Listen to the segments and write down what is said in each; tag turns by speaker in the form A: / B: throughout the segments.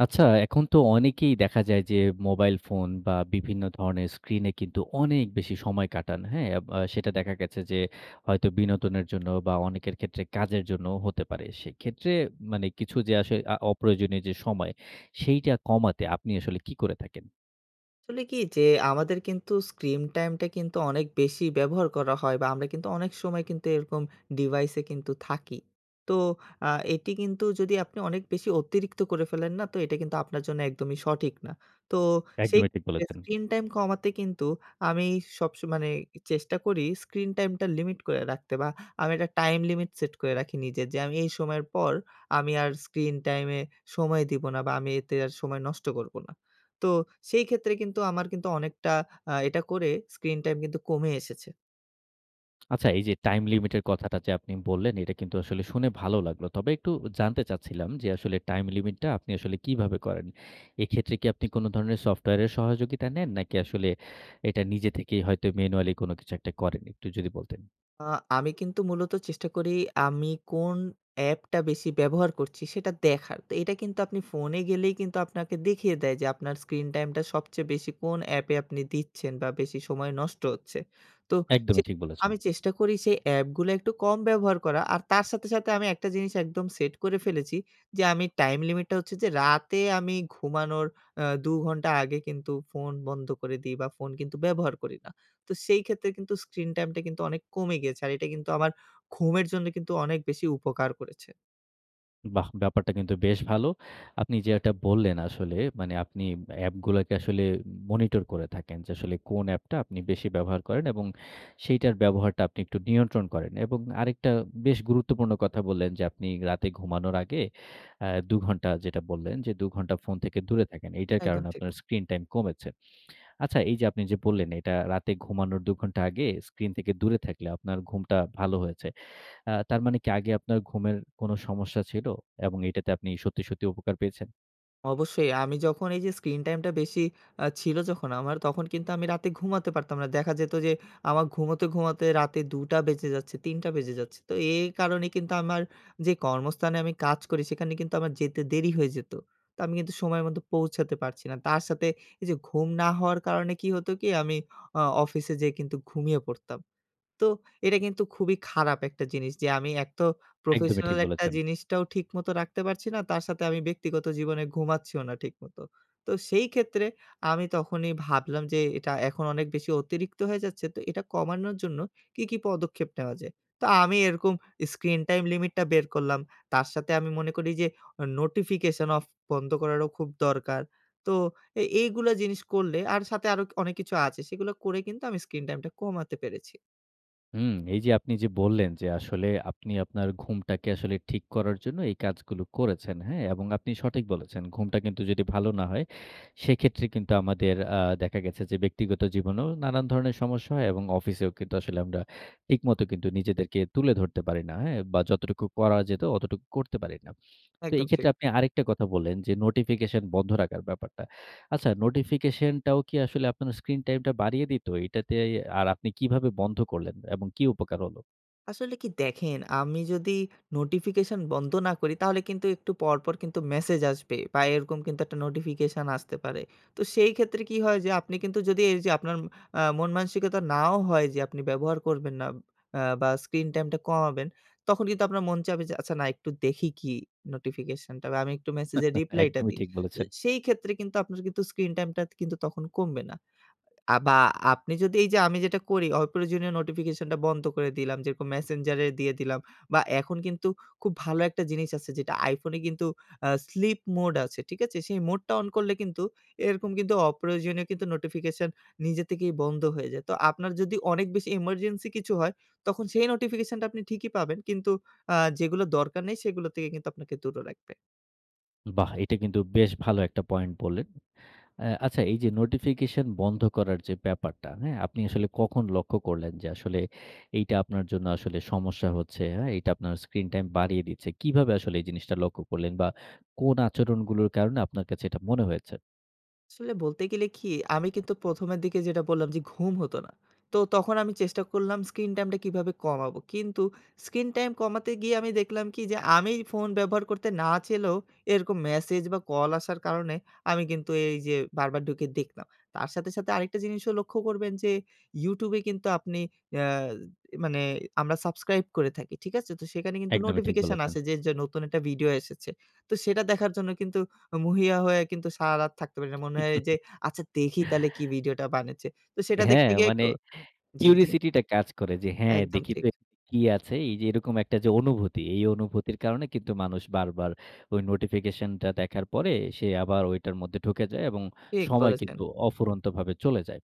A: আচ্ছা এখন তো অনেকেই দেখা যায় যে মোবাইল ফোন বা, বিভিন্ন ধরণের স্ক্রিনে কিন্তু অনেক বেশি সময় কাটান। হ্যাঁ? আব আ সেটা দেখা গেছে যে হয়তো বিনোদনের জন্য বা, অনেকের ক্ষেত্রে কাজের জন্যও হতে পারে। সেক্ষেত্রে মানে কিছু যে আসো অপ্রয়োজনীয় যে সময় সেইটা কমাতে আপনি আসলে কী করে থাকেন?
B: আসলে কী যে আমাদের কিন্তু স্ক্রিন টাইমটা কিন্তু অনেক বেশি ব্যবহার করা হয় বা, আমরা কিন্তু অনেক সময় কিন্তু এরকম ডিভাইসে কিন্তু থাকি। তো আ এটি কিন্তু যদি আপনি অনেক বেশি অতিরিক্ত করে ফেলেন না তো এটা কিন্তু আপনার জন্য একদমই সঠিক না। তো সেই
A: একদমই ঠিক
B: [unintelligible]
A: বলেছেন।
B: স্ক্রিন টাইম কমাতে কিন্তু আমি সব স মানে এ চেষ্টা করি স্ক্রিন টাইম টা লিমিট করে রাখতে বা, আমি একটা টাইম লিমিট সেট করে রাখি নিজে। যে আমি এই সময়ের পর আমি আর স্ক্রিন টাইম এ সময় দেব না বা, আমি এতে আর সময় নষ্ট করব না। তো সেইক্ষেত্রে কিন্তু আমার কিন্তু অনেকটা আ এটা করে স্ক্রিন টাইম কিন্তু কমে এসেছে।
A: আচ্ছা, এই যে টাইম লিমিটের কথাটা যে আপনি বললেন, এটা কিন্তু আসলে শুনে ভালো লাগলো। তবে একটু জানতে চাচ্ছিলাম যে আসলে টাইম লিমিটটা আপনি আসলে কিভাবে করেন? এক্ষেত্রে কি আপনি কোন ধরনের সফটওয়্যারের সহযোগিতা নেন? নাকি আসলে এটা নিজে থেকেই হয়তো ম্যানুয়ালি কোন কিছু একটা করেন? একটু যদি বলতেন।
B: আ আমি কিন্তু মূলত চেষ্টা করি আমি কোন অ্যাপটা বেশি ব্যবহার করছি সেটা দেখার। এটা কিন্তু আপনি ফোনে গেলেই কিন্তু আপনাকে দেখিয়ে দেয় যে, আপনার স্ক্রিন টাইমটা সবচেয়ে বেশি কোন অ্যাপে আপনি দিচ্ছেন? বা বেশি সময় নষ্ট হচ্ছে। তো চে
A: একদমই ঠিক বলেছেন।
B: আমি চেষ্টা করি সেই অ্যাপগুলো একটু কম ব্যবহার করা। আর তার সাথে, সাথে আমি একটা জিনিস একদম সেট করে ফেলেছি। যে আমি টাইম লিমিটটা হচ্ছে যে রাতে আমি ঘুমানোর আ দু ঘন্টা আগে কিন্তু ফোন বন্ধ করে দেই বা ফোন কিন্তু ব্যবহার করি না। তো সেই ক্ষেত্রে কিন্তু স্ক্রিন টাইমটা কিন্তু অনেক কমে গেছে। আর এটা কিন্তু আমার ঘুমের জন্য কিন্তু অনেক বেশি উপকার করেছে।
A: বাহ! ব্যাপারটা কিন্তু বেশ ভালো। আপনি যেটা বললেন আসলে মানে আপনি অ্যাপগুলাকে আসলে উম মনিটর করে থাকেন যে, আসলে কোন অ্যাপটা আপনি বেশি ব্যবহার করেন এবং সেইটার ব্যবহারটা আপনি একটু নিয়ন্ত্রণ করেন। এবং আরেকটা বেশ গুরুত্বপূর্ণ কথা বললেন যে, আপনি রাতে ঘুমানোর আগে আ ২ ঘন্টা যেটা বললেন ২ ঘন্টা ফোন থেকে দূরে থাকেন। এইটার
B: একদম
A: কারণে
B: ঠিক।
A: আপনার স্ক্রিন টাইম কমেছে। আচ্ছা এই যে আপনি যে বললেন এটা রাতে ঘুমানোর ২ ঘন্টা আগে স্ক্রিন থেকে দূরে থাকলে আপনার ঘুমটা ভালো হয়েছে। আ তার মানে কি আগে আপনার ঘুমের কোন সমস্যা ছিল? এবং এটাতে আপনি সত্যি, সত্যি উপকার পেয়েছেন?
B: অবশ্যই আমি যখন এই যে স্ক্রিন টাইম টা বেশি আ ছিল যখন আমার, তখন কিন্তু আমি রাতে ঘুমাতে পারতাম না। দেখা যেত যে আমার ঘুমাতে, ঘুমাতে রাতে দুটা বেজে যাচ্ছে, ৩ টা বেজে যাচ্ছে। তো এই কারণে কিন্তু আমার যে কর্মস্থানে আমি কাজ করি সেখানে কিন্তু আমার যেতে দেরি হয়ে যেত। তো আমি কিন্তু সময়ের মতো পৌঁছাতে পারছি না। তার সাথে এই যে ঘুম না হওয়ার কারণে কি হতো কি? আমি অ অফিসে যেয়ে কিন্তু ঘুমিয়ে পড়তাম। তো এটা কিন্তু খুবই খারাপ একটা জিনিস যে আমি একত
A: একদমই ঠিক
B: প্রফেশনাল একটা
A: বলেছেন।
B: জিনিসটাও ঠিকমতো রাখতে পারছি না তার সাথে আমি ব্যক্তিগত জীবনে ঘুমাচ্ছিও না ঠিকমতো। তো সেই ক্ষেত্রে আমি তখনই ভাবলাম যে এটা এখন অনেক বেশি অতিরিক্ত হয়ে যাচ্ছে। তো এটা কমানোর জন্য কী, কী পদক্ষেপ নেওয়া যায়? তো আমি এরকম স্ক্রিন টাইম লিমিটটা বের করলাম তার সাথে আমি মনে করি যে ও নোটিফিকেশন অফ বন্ধ করারও খুব দরকার তো এ এইগুলো জিনিস করলে, আর সাথে আরো অনেক কিছু আছে সেগুলো করে কিন্তু আমি স্ক্রিন টাইমটা কমাতে পেরেছি।
A: হুম। এই যে আপনি যে বললেন যে আসলে আপনি আপনার ঘুমটাকে আসলে ঠিক করার জন্য এই কাজগুলো করেছেন। হ্যা? এবং আপনি সঠিক বলেছেন ঘুমটা কিন্তু যদি ভালো না হয় সেক্ষেত্রে কিন্তু আমাদের আ দেখা গেছে যে ব্যক্তিগত জীবনেও নানান ধরনের সমস্যা হয় এবং অফিসেও কিন্তু আসলে আমরা ঠিকমত কিন্তু নিজেদেরকে তুলে ধরতে পারি না। হ্যা? বা যতটুকু করা যেত অতটুকু করতে পারি না। তো এই
B: একদম ঠিক।
A: ক্ষেত্রে আপনি আরেকটা কথা বললেন যে নোটিফিকেশন বন্ধ রাখার ব্যাপারটা। আচ্ছা নোটিফিকেশন টাও কি আসলে আপনার স্ক্রিন টাইম টা বাড়িয়ে দিতো? এটাতে এ আর আপনি কিভাবে বন্ধ করলেন? এবং কি উপকার হলো?
B: আসলে কি দেখেন, আমি যদি নোটিফিকেশন বন্ধ না করি তাহলে কিন্তু একটু পরপর কিন্তু মেসেজ আসবে। বা এরকম কিন্তু একটা নোটিফিকেশন আসতে পারে। তো সেই ক্ষেত্রে কি হয়? যে আপনি কিন্তু যদি এইযে আপনার আ মন-মানসিকতা নাও হয় যে আপনি ব্যবহার করবেন না আ বা স্ক্রিন টাইমটা কমাবেন, তখন কিন্তু আপনার মন চাবে যে, "আচ্ছা না, একটু দেখি কি নোটিফিকেশনটা বা আমি একটু মেসেজের রিপ্লাইটা
A: একদমই
B: দিই।"
A: ঠিক
B: তো
A: বলেছেন।
B: সেই ক্ষেত্রে কিন্তু আপনার কিন্তু স্ক্রিন টাইমটা কিন্তু তখন কমবে না। আ বা আপনি যদি এইযে আমি যেটা করি অপ্রয়োজনীয় নোটিফিকেশনটা বন্ধ করে দিলাম, যেরকম মেসেঞ্জারে দিয়ে দিলাম। বা এখন কিন্তু খুব ভালো একটা জিনিস আছে যেটা আইফোনে কিন্তু আ স্লিপ মোড আছে, ঠিক আছে? সেই মোডটা অন করলে কিন্তু এরকম কিন্তু অপ্রয়োজনীয় কিন্তু নোটিফিকেশন নিজে থেকেই বন্ধ হয়ে যায়। তো আপনার যদি অনেক বেশি emergency কিছু হয় তখন সেই নোটিফিকেশনটা আপনি ঠিকই পাবেন। কিন্তু আ যেগুলো দরকার নেই সেগুলো থেকে কিন্তু আপনাকে দূর রাখবে।
A: বাহ! এটা কিন্তু বেশ ভালো একটা পয়েন্ট বললেন। আ আচ্ছা এইযে নোটিফিকেশন বন্ধ করার যে ব্যাপারটা, হ্যাঁ? আপনি আসলে কখন লক্ষ্য করলেন যে আসলে এইটা আপনার জন্য আসলে সমস্যা হচ্ছে, হ্যাঁ? এটা আপনার স্ক্রিন টাইম বাড়িয়ে দিচ্ছে? কিভাবে আসলে এই জিনিসটা লক্ষ্য করলেন বা কোন আচরণগুলোর কারণে আপনার কাছে এটা মনে হয়েছে?
B: আসলে বলতে গেলে কি? আমি কিন্তু প্রথমের দিকে যেটা বললাম যে ঘুম হতো না। তো তখন আমি চেষ্টা করলাম স্ক্রিন টাইম টা কিভাবে কমাবো? কিন্তু স্ক্রিন টাইম কমাতে গিয়ে আমি দেখলাম কি? যে আমি ফোন ব্যবহার করতে না চাইলেও এরকম মেসেজ বা কল আসার কারণে আমি কিন্তু এই যে বারবার ঢুকে দেখলাম। তার সাথে সাথে আরেকটা জিনিসও লক্ষ্য করবেন যে YoutTube এ কিন্তু আপনি অ্যা এ মানে আমরা সাবস্ক্রাইব করে থাকি। ঠিক আছে? তো সেখানে কিন্তু
A: একদমই ঠিক
B: নোটিফিকেশন
A: বলেছেন।
B: আসে যে য নতুন একটা ভিডিও এসেছে। তো সেটা দেখার জন্য কিন্তু উ মরিয়া হয়ে কিন্তু সারারাত থাকতে পারি না। মনে হয় যে আচ্ছা দেখি তাহলে কি ভিডিওটা বানাচ্ছে। তো সেটা
A: হ্যাঁ।
B: দেখতে গিয়ে ক
A: মানে
B: জি, জি।
A: কিউরিওসিটি টা কাজ করে। যে, হ্যাঁ,
B: একদম
A: দেখি
B: ঠিক।
A: তো কি আছে। এই যে এরকম একটা অনুভূতি, এই অনুভূতির কারণে কিন্তু মানুষ বারবার ওই নোটিফিকেশনটা দেখার পরে সে আবার ঐটার মধ্যে ঢুকে যায়। এবং
B: ঠিক
A: সময়
B: বলেছেন।
A: কিন্তু অফুরন্ত ভাবে চলে যায়।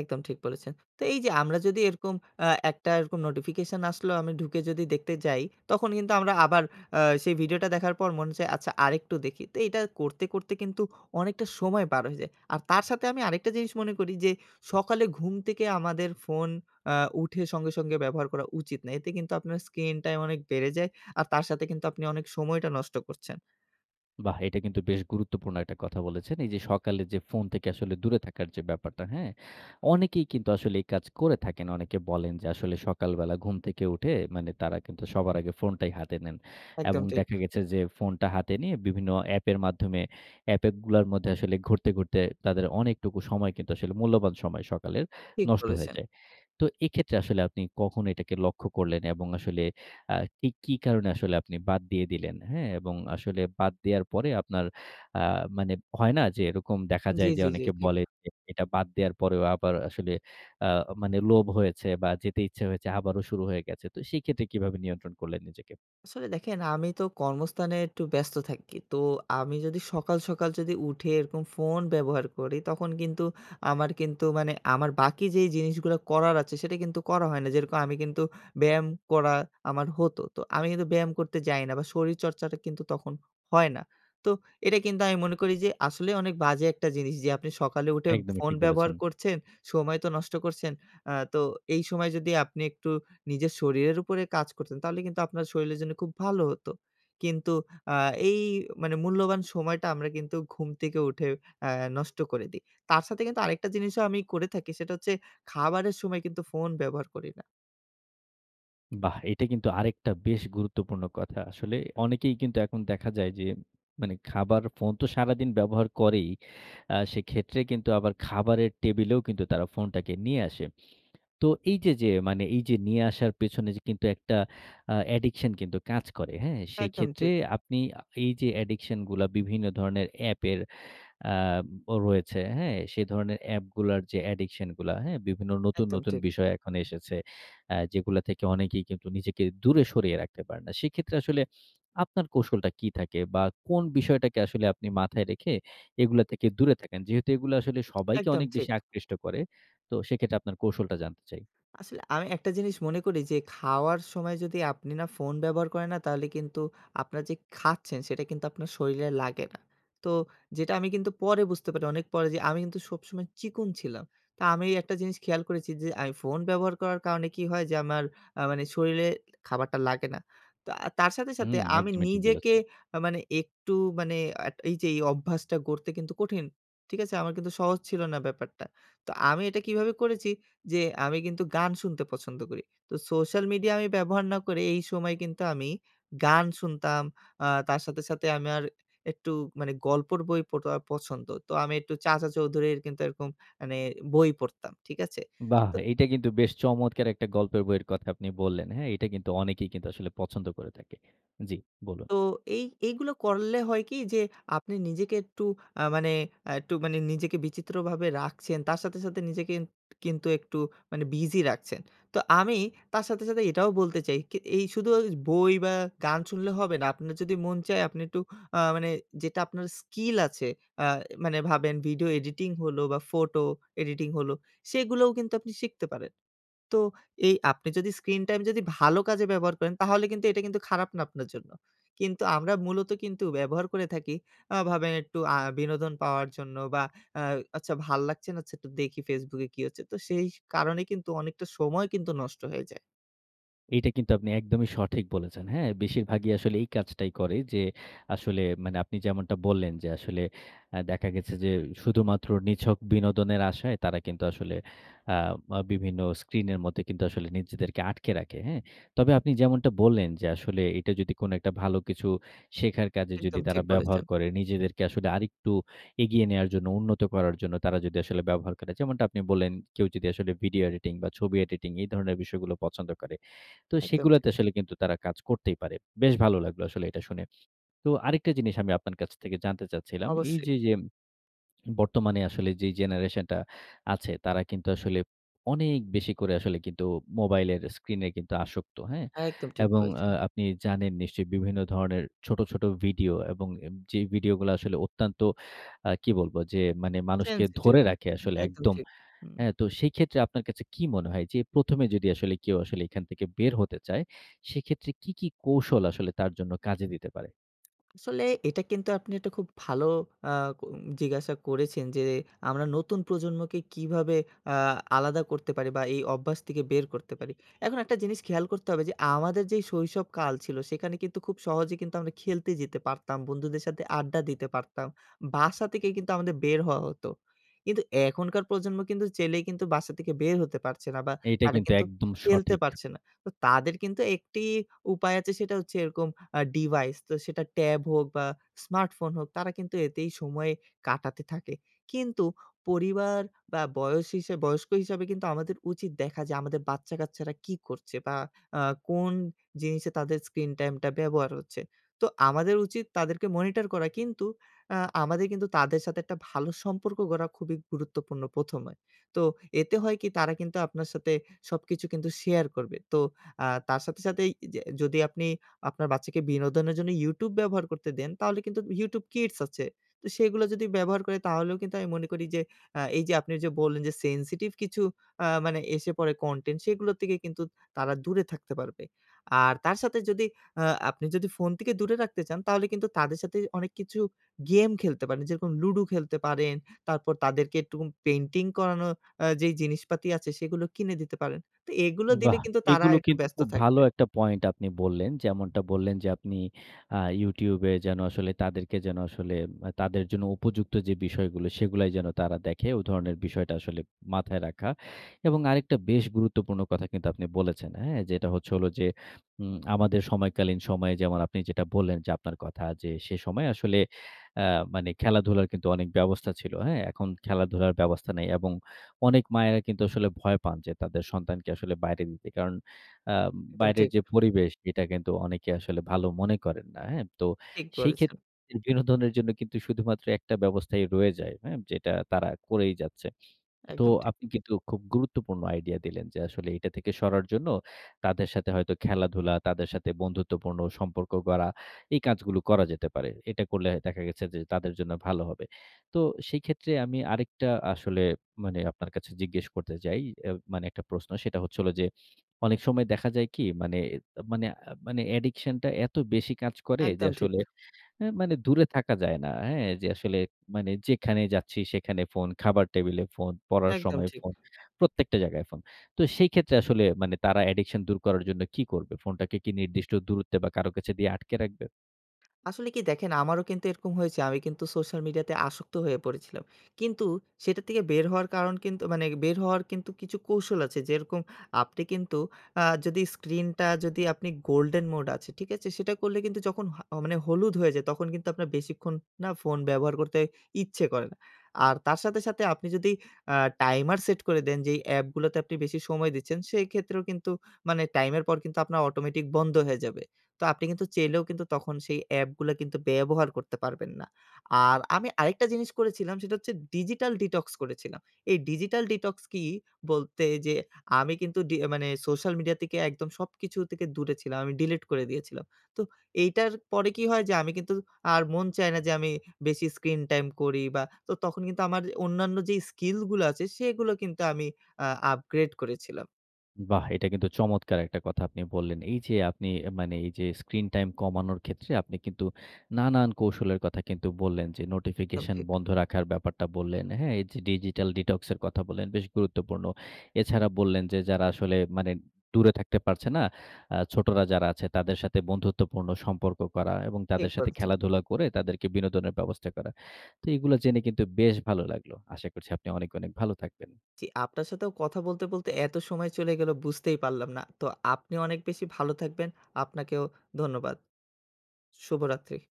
B: একদম ঠিক বলেছেন। তো এই যে আমরা যদি এরকম অ্যা একটা এরকম নোটিফিকেশন আসলো, আমি ঢুকে যদি দেখতে যাই। তখন কিন্তু আমরা আবার আ সেই ভিডিওটা দেখার পর মনে হচ্ছে আচ্ছা আরেকটু দেখি। তো এটা করতে, করতে কিন্তু অনেকটা সময় পার হয়ে যায়। আর তার সাথে আমি আরেকটা জিনিস মনে করি যে সকালে ঘুম থেকে আমাদের ফোন অ্যা উঠে সঙ্গে সঙ্গে ব্যবহার করা উচিত না। এতে কিন্তু আপনার স্ক্রিন টাইম অনেক বেড়ে যায়। আর তার সাথে কিন্তু আপনি অনেক সময়টা নষ্ট করছেন।
A: বাহ! এটা কিন্তু বেশ গুরুত্বপূর্ণ একটা কথা বলেছেন। এই যে সকালে যে ফোন থেকে আসলে দূরে থাকার ব্যাপারটা হ্যা? অনেকেই কিন্তু আসলে এই কাজ করে থাকেন। অনেকে বলেন যে আসলে সকালবেলা ঘুম থেকে উঠে মানে তারা কিন্তু সবার আগে ফোনটাই হাতে নেন। এবং
B: একদম ঠিক।
A: দেখা গেছে যে ফোনটা হাতে নিয়ে বিভিন্ন অ্যাপের মাধ্যমে অ্যাপগুলার মধ্যে ঘুরতে, ঘুরতে তাদের অনেকটুকু সময় কিন্তু আসলে মূল্যবান সময় সকালের,
B: ঠিক
A: নষ্ট হয়ে
B: বলেছেন।
A: যায়। তো এক্ষেত্রে আসলে আপনি কখন এটাকে লক্ষ্য করলেন? এবং আসলে আ কি, কি কারণে আসলে আপনি বাদ দিয়ে দিলেন, হ্যা? এবং আসলে বাদ দেয়ার পরে আপনার আ মানে হয় না যে এরকম দেখা
B: জি,
A: যায় যে
B: জি, জি
A: অনেকে
B: ঠিক।
A: বলে যে এটা বাদ দেওয়ার পরেও আবার আসলে আ মানে লোভ হয়েছে বা যেতে ইচ্ছা হয়েছে, আবারও শুরু হয়ে গেছে। তো সেক্ষেত্রে কিভাবে নিয়ন্ত্রণ করলেন নিজেকে?
B: আসলে দেখেন আমি তো কর্মস্থানে একটু ব্যস্ত থাকি। তো আমি যদি সকাল, সকাল যদি উঠে এরকম ফোন ব্যবহার করি তখন কিন্তু আমার কিন্তু মানে আমার বাকি যে জিনিসগুলো করার আছে সেটা কিন্তু করা হয় না। যেরকম আমি কিন্তু ব্যায়াম করা আমার হত। তো আমি কিন্তু ব্যায়াম করতে যাই না বা শরীরচর্চাটা কিন্তু তখন হয় না। তো এটা কিন্তু আমি মনে করি যে আসলেই অনেক বাজে একটা জিনিস যে আপনি সকালে উঠে
A: একদমই
B: ফোন
A: ঠিক বলেছেন।
B: ব্যবহার করছেন। সময় তো নষ্ট করছেন। আ তো এই সময় যদি আপনি একটু নিজের শরীরের উপরে কাজ করতেন, তাহলে কিন্তু আপনার শরীরের জন্য খুব ভালো হতো। কিন্তু আ এই মানে মূল্যবান সময়টা আমরা কিন্তু ঘুম থেকে উঠে আ নষ্ট করে দেই। তার সাথে কিন্তু আরেকটা জিনিসও আমি করে থাকি। সেটা হচ্ছে খাবারের সময় কিন্তু ফোন ব্যবহার করি না।
A: বাহ! এইটা কিন্তু আরেকটা বেশ গুরুত্বপূর্ণ কথা। আসলে অনেকেই কিন্তু এখন দেখা যায় যে, মানে খাবার ফোন তো সারাদিন ব্যবহার করেই। আ সেক্ষেত্রে কিন্তু আবার খাবারের টেবিলেও কিন্তু তারা ফোনটাকে নিয়ে আসে। তো এই যে যে মানে এই যে নিয়ে আসার পেছনে যে কিন্তু একটা আ addiction কিন্তু কাজ করে, হ্যাঁ?
B: একদম
A: সেইক্ষেত্রে
B: ঠিক।
A: আপনি আ এই যে addiction গুলা বিভিন্ন ধরনের অ্যাপের আ ও রয়েছে, হ্যাঁ? সে ধরণের অ্যাপগুলার যে addiction গুলা, হ্যাঁ? বিভিন্ন নতুন,
B: একদম
A: নতুন
B: ঠিক।
A: বিষয় এখন এসেছে। আ যেগুলো থেকে অনেকেই কিন্তু নিজেকে দূরে সরিয়ে রাখতে পারেনা। সেইক্ষেত্রে আসলে আপনার কৌশলটা কী থাকে? বা কোন বিষয়টাকে আসলে আপনি মাথায় রেখে এগুলা থেকে দূরে থাকেন? যেহেতু এগুলা আসলে সবাইকে
B: একদম
A: অনেক
B: ঠিক।
A: বেশি আকৃষ্ট করে, তো সেক্ষেত্রে আপনার কৌশলটা জানতে চাই?
B: আসলে আমি একটা জিনিস মনে করি যে খাওয়ার সময় যদি আপনি না ফোন ব্যবহার করেন না? তাহলে কিন্তু আপনারা যে খাচ্ছেন, সেটা কিন্তু আপনার শরীরে লাগে না। তো যেটা আমি কিন্তু পরে বুঝতে পারি, অনেক পরে। যে আমি কিন্তু সবসময় চিকন ছিলাম। তা আমি এই একটা জিনিস খেয়াল করেছি যে, আই ফোন ব্যবহার করার কারণে কি হয়? যে আমার আ মানে শরীরে খাবারটা লাগে না। তা তার সাথে,
A: হু
B: সাথে আমি
A: একদমই ঠিক
B: নিজেকে
A: বলেছেন।
B: আ মানে একটু মানে আট এই যে এই অভ্যাসটা গড়তে কিন্তু কঠিন, ঠিক আছে? আমার কিন্তু সহজ ছিল না ব্যাপারটা। তো আমি এটা কিভাবে করেছি? যে আমি কিন্তু গান শুনতে পছন্দ করি। তো সোশ্যাল মিডিয়া আমি ব্যবহার না করে, এই সময় কিন্তু আমি গান শুনতাম। আ তার সাথে, সাথে আমার একটু মানে গল্পর বই পড়া পছন্দ। তো আমি একটু চাচা চৌধুরীর কিন্তু এরকম মানে বই পড়তাম। ঠিক আছে?
A: বাহ!
B: তো
A: এইটা কিন্তু বেশ চমৎকার একটা গল্পের বইয়ের কথা আপনি বললেন, হ্যাঁ? এইটা কিন্তু অনেকেই কিন্তু আসলে পছন্দ করে থাকে। জি, বলুন।
B: তো এই এইগুলো করলে হয় কি যে, আপনি নিজেকে একটু আ মানে আ একটু মানে নিজেকে বিচিত্রভাবে রাখছেন। তার সাথে, সাথে নিজেকে ইন কিন্তু একটু মানে বিজি রাখছেন। তো আমি তার সাথে, সাথে এটাও বলতে চাই কি এই শুধু ওজ বই বা গান শুনলে হবে না। আপনার যদি মন চায় আপনি একটু আ মানে যেটা আপনার স্কিল আছে, আ মানে ভাবেন ভিডিও এডিটিং হলো বা ফটো এডিটিং হলো, সেগুলোও কিন্তু আপনি শিখতে পারেন। তো এই আপনি যদি স্ক্রিন টাইম যদি ভালো কাজে ব্যবহার করেন তাহলে কিন্তু এটা কিন্তু খারাপ না আপনার জন্য। কিন্তু আমরা মূলত কিন্তু ব্যবহার করে থাকি আ ভাবেন একটু আ বিনোদন পাওয়ার জন্য বা আ আচ্ছা ভাল লাগছে না, আচ্ছা একটু দেখি Facebook এ কী হচ্ছে? তো সেই কারণেই কিন্তু অনেকটা সময় কিন্তু নষ্ট হয়ে যায়।
A: এইটা কিন্তু আপনি একদমই সঠিক বলেছেন। হ্যাঁ? বেশিরভাগই আসলে এই কাজটাই করে। যে আসলে মানে আপনি যেমনটা বললেন যে আসলে আ দেখা গেছে যে শুধুমাত্র নিছক বিনোদনের আশায় তারা কিন্তু আসলে আ মা বিভিন্ন স্ক্রিনের মধ্যে কিন্তু আসলে নিজেদেরকে আটকে রাখে, হ্যাঁ? তবে আপনি যেমনটা বললেন যে আসলে এটা যদি কোন একটা ভালো কিছু শেখার কাজে যদি
B: একদম
A: তারা
B: ঠিক
A: ব্যবহার
B: বলেছেন।
A: করে, নিজেদেরকে আসলে আরেকটু এগিয়ে নেয়ার জন্য, উন্নত করার জন্য তারা যদি আসলে ব্যবহার করে। যেমনটা আপনি বললেন কেউ যদি আসলে ভিডিও এডিটিং বা ছবি এডিটিং এই ধরণের বিষয়গুলো পছন্দ করে। তো
B: একদম ঠিক।
A: সেগুলোতে আসলে কিন্তু তারা কাজ করতেই পারে। বেশ ভালো লাগলো আসলে এটা শুনে। তো আরেকটা জিনিস আমি আপনার কাছ থেকে জানতে চাচ্ছিলাম। এই
B: অবশ্যই।
A: যে, যে বর্তমানে আসলে যেই জেনারেশন টা আছে, তারা কিন্তু আসলে অনেক বেশি করে আসলে কিন্তু মোবাইলের স্ক্রিনে কিন্তু আসক্ত, হ্যাঁ?
B: একদম ঠিক
A: এবং আ
B: বলেছেন।
A: আপনি জানেন নিশ্চয়ই বিভিন্ন ধরনের ছোট, ছোট ভিডিও এবং এ যেই ভিডিও গুলো আসলে অত্যন্ত আ কি বলব যে মানে মানুষকে
B: সেন্সেটিভ।
A: ধরে রাখে আসলে
B: একদম
A: একদম,
B: ঠিক। হুম।
A: হ্যাঁ? তো সেক্ষেত্রে আপনার কাছে কি মনে হয়? যে প্রথমে যদি আসলে কেউ আসলে এখান থেকে বের হতে চায় সেক্ষেত্রে কি, কি কৌশল আসলে তার জন্য কাজে দিতে পারে?
B: আসলে এটা কিন্তু আপনি একটা খুব ভালো আ উম জিজ্ঞাসা করেছেন যে আমরা নতুন প্রজন্মকে কীভাবে আ আলাদা করতে পারি? বা এই অভ্যাস থেকে বের করতে পারি? এখন একটা জিনিস খেয়াল করতে হবে যে আমাদের যে শৈশব কাল ছিল সেখানে কিন্তু খুব সহজে কিন্তু আমরা খেলতে যেতে পারতাম, বন্ধুদের সাথে আড্ডা দিতে পারতাম। বাসা থেকে কিন্তু আমাদের বের হওয়া হত। কিন্তু এখনকার প্রজন্ম কিন্তু চাইলেই কিন্তু বাসা থেকে বের হতে পারছে না বা
A: এইটা
B: তারা
A: কিন্তু
B: কিন্তু
A: একদম
B: খেলতে
A: সঠিক।
B: পারছে না। তো তাদের কিন্তু একটিই উপায় আছে সেটা হচ্ছে এরকম আ ডিভাইস তো সেটা ট্যাব হোক বা স্মার্টফোন হোক তারা কিন্তু এতেই সময় কাটাতে থাকে। কিন্তু পরিবার বা বয়স হিসাব বয়স্ক হিসাবে কিন্তু আমাদের উচিত দেখা যে আমাদের বাচ্চাকাচ্চারা কি করছে? বা আ কোন জিনিসে তাদের screen time টা ব্যবহার হচ্ছে। তো আমাদের উচিত তাদেরকে মনিটর করা। কিন্তু আ আমাদের কিন্তু তাদের সাথে একটা ভালো সম্পর্ক গড়া খুবই গুরুত্বপূর্ণ প্রথমে। তো এতে হয় কি? তারা কিন্তু আপনার সাথে সবকিছু কিন্তু শেয়ার করবে। তো আ তার সাথে সাথেই এই যে যদি আপনি আপনার বাচ্চাকে বিনোদনের জন্য YouTube ব্যবহার করতে দেন তাহলে কিন্তু YouTube Kids আছে। তো সেগুলো যদি ব্যবহার করে তাহলেও কিন্তু আমি মনে করি যে আ এই যে আপনি যে বললেন যে সেনসিটিভ কিছু আ মানে এসে পড়ে কনটেন্ট সেগুলো থেকে কিন্তু তারা দূরে থাকতে পারবে। আর তার সাথে যদি আ আপনি যদি ফোন থেকে দূরে রাখতে চান তাহলে কিন্তু তাদের সাথে অনেক কিছু গেম খেলতে পারেন। যেরকম লুডু খেলতে পারেন, তারপর তাদেরকে একটু পেইন্টিং করানো আ যেই জিনিসপাতি আছে সেগুলো কিনে দিতে পারেন। তো এগুলো দিলে
A: বাহ!
B: কিন্তু তারা
A: এগুলো
B: একটু
A: কিন্তু
B: ব্যস্ত
A: খুব ভালো
B: থাকবে।
A: একটা পয়েন্ট আপনি বললেন। যেমনটা বললেন যে আপনি আ YouTube এ যেন আসলে তাদেরকে যেন আসলে তাদের জন্য উপযুক্ত যে বিষয়গুলো সেগুলাই যেন তারা দেখে। ওই ধরণের বিষয়টা আসলে মাথায় রাখা। এবং আরেকটা বেশ গুরুত্বপূর্ণ কথা কিন্তু আপনি বলেছেন, হ্যাঁ? যেটা হচ্ছে হলো যে উম আমাদের সময়কালীন সময়ে যেমন আপনি যেটা বললেন যে আপনার কথা যে সে সময় আসলে আ মানে খেলাধুলার কিন্তু অনেক ব্যবস্থা ছিল, হ্যাঁ? এখন খেলাধুলার ব্যবস্থা নেই। এবং অনেক মায়েরা কিন্তু আসলে ভয় পান যে তাদের সন্তানকে আসলে বাইরে দিতে। কারণ আ
B: একদম
A: বাইরের
B: ঠিক।
A: যে পরিবেশ সেটা কিন্তু অনেকে আসলে ভালো মনে করেন না, হ্যাঁ? তো
B: ঠিক
A: সেই
B: বলেছেন।
A: ক্ষেত্রে বিনোদনের জন্য কিন্তু শুধুমাত্র একটা ব্যবস্থাই রয়ে যায় হ্যাঁ? যেটা তারা করেই যাচ্ছে। তো
B: একদম ঠিক।
A: আপনি কিন্তু খুব গুরুত্বপূর্ণ আইডিয়া দিলেন যে আসলে এইটা থেকে সরার জন্য তাদের সাথে হয়তো খেলাধুলা, তাদের সাথে বন্ধুত্বপূর্ণ সম্পর্ক গড়া এই কাজগুলো করা যেতে পারে। এটা করলে দেখা গেছে যে তাদের জন্য ভালো হবে। তো সেক্ষেত্রে আমি আরেকটা আসলে মানে আপনার কাছে জিজ্ঞেস করতে চাই। এ মানে একটা প্রশ্ন সেটা হচ্ছে হলো যে অনেক সময় দেখা যায় কি? মানে এত মানে মানে অ্যাডিকশন টা এত বেশি কাজ করে যে
B: একদম ঠিক।
A: আসলে আ মানে দূরে থাকা যায় না, হ্যাঁ? যে আসলে মানে যেখানেই যাচ্ছি সেখানে ফোন, খাবার টেবিলে ফোন, পড়ার
B: একদম
A: সময়
B: ঠিক।
A: ফোন, প্রত্যেকটা জায়গায় ফোন। তো সেই ক্ষেত্রে আসলে মানে তারা অ্যাডিকশন দূর করার জন্য কি করবে? ফোনটাকে কি নির্দিষ্ট দূরত্বে বা কারো কাছে দিয়ে আটকে রাখবে?
B: আসলে কি দেখেন আমারও কিন্তু এরকম হয়েছে। আমি কিন্তু সোশ্যাল মিডিয়াতে আসক্ত হয়ে পড়েছিলাম। কিন্তু সেটা থেকে বের হওয়ার কারণ কিন্তু মানে বের হওয়ার কিন্তু কিছু কৌশল আছে। যেরকম আপনি কিন্তু আ যদি স্ক্রিনটা যদি আপনি গোল্ডেন মোড আছে, ঠিক আছে? সেটা করলে কিন্তু যখন হ মানে হলুদ হয়ে যায় তখন কিন্তু আপনার বেশিক্ষণ না ফোন ব্যবহার করতে ইচ্ছে করে না। আর তার সাথে, সাথে আপনি যদি অ্যা টাইমার সেট করে দেন যে এই অ্যাপগুলোতে আপনি বেশি সময় দিচ্ছেন, সেক্ষেত্রেও কিন্তু মানে টাইমের পর কিন্তু আপনার অটোমেটিক বন্ধ হয়ে যাবে। তো আপনি কিন্তু চাইলেও কিন্তু তখন সেই অ্যাপগুলো কিন্তু ব্যবহার করতে পারবেন না। আর আমি আরেকটা জিনিস করেছিলাম। সেটা হচ্ছে digital detox করেছিলাম। এই ডিজিটাল ডিটক্স কি? বলতে যে আমি কিন্তু ডি মানে সোশ্যাল মিডিয়া থেকে একদম সবকিছু থেকে দূরে ছিলাম। আমি ডিলিট করে দিয়েছিলাম। তো এইটার পরে কি হয়? যে আমি কিন্তু আর মন চায় না যে আমি বেশি স্ক্রিন টাইম করি। বা তো তখন কিন্তু আমার অন্যান্য যে স্কিলগুলো আছে সেগুলো কিন্তু আমি আ আপগ্রেড করেছিলাম।
A: উম বাহ! এটা কিন্তু চমৎকার একটা কথা আপনি বললেন। এই যে আপনি মানে এই যে স্ক্রিন টাইম কমানোর ক্ষেত্রে আপনি কিন্তু নানান কৌশলের কথা কিন্তু বললেন যে
B: একদম
A: নোটিফিকেশন
B: ঠিক।
A: বন্ধ রাখার ব্যাপারটা বললেন। হ্যাঁ? এই যে ডিজিটাল ডিটক্স এর কথা বললেন। বেশ গুরুত্বপূর্ণ। এছাড়া বললেন যে যারা আসলে মানে দূরে থাকতে পারছে না, আ ছোটরা যারা আছে তাদের সাথে বন্ধুত্বপূর্ণ সম্পর্ক করা এবং
B: ঠিক
A: তাদের সাথে
B: বলছেন।
A: খেলাধুলা করে তাদেরকে বিনোদনের ব্যবস্থা করা। তো এগুলা জেনে কিন্তু বেশ ভালো লাগলো। আশা করছি আপনি অনেক, অনেক ভালো থাকবেন।
B: জি। আপনার সাথেও কথা বলতে, বলতে এত সময় চলে গেল বুঝতেই পারলাম না। তো আপনিও অনেক বেশি ভালো থাকবেন, আপনাকেও ধন্যবাদ। শুভরাত্রি।